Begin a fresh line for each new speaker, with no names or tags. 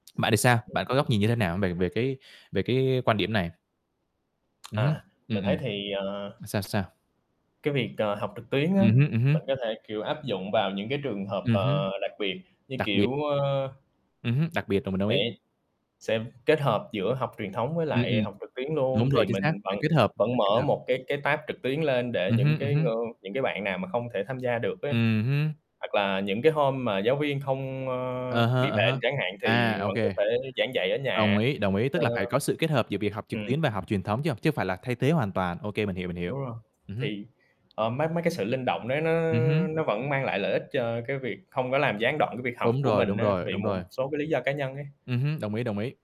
Bạn thì sao?
Ưm
Bạn có
hưm,
góc
ừm.
nhìn như thế nào về về cái về cái quan điểm này? Ừm hứm.
À.
Ừm,
Mình thấy
ừm.
thì, ờ
Mà sao, sao?
Cái việc, ờ, học trực tuyến á,
Ừm hứm, ừm hứm.
mình có thể, kiểu, áp dụng vào những cái trường hợp,
Ừm hứm.
ờ, đặc biệt như
Đặc biệt.
kiểu, ơ
Ừm hứm, đặc biệt là mình đồng
sẽ
ý.
sẽ kết hợp giữa học truyền thống với
Ừm, ừm.
lại học trực tuyến luôn,
Đúng rồi,
thì
chính xác,
mình vẫn
phải kết hợp,
vẫn
phải kết
mở
hợp.
một cái cái tab trực tuyến lên để
Ừm
những
hứm, ừm
cái
hứm.
ng những cái bạn nào mà không thể tham gia được ấy.
Ừm hứm.
Hoặc là những cái hôm mà giáo viên không, ơ,
À ha,
bị
à há.
bệnh chẳng hạn
À,
thì
ô
vẫn có
kê.
thể giảng dạy ở
Đồng
nhà.
ý, đồng ý, tức
Ờ.
là phải có sự kết hợp giữa việc học trực
Ừm.
tuyến và học truyền thống, chứ hông chứ hông phải là thay thế hoàn toàn. Ô kê, mình hiểu, mình hiểu.
Đúng rồi.
Ừm hứm.
Thì, ờ, mấy mấy cái sự linh động đấy nó
Ừm hứm.
nó vẫn mang lại lợi ích cho cái việc không có làm gián đoạn cái việc học
Đúng
của
rồi,
mình
đúng
á,
rồi,
vì
đúng
một
rồi.
một số cái lý do cá nhân ấy.
Ừm hứm, đồng ý, đồng ý.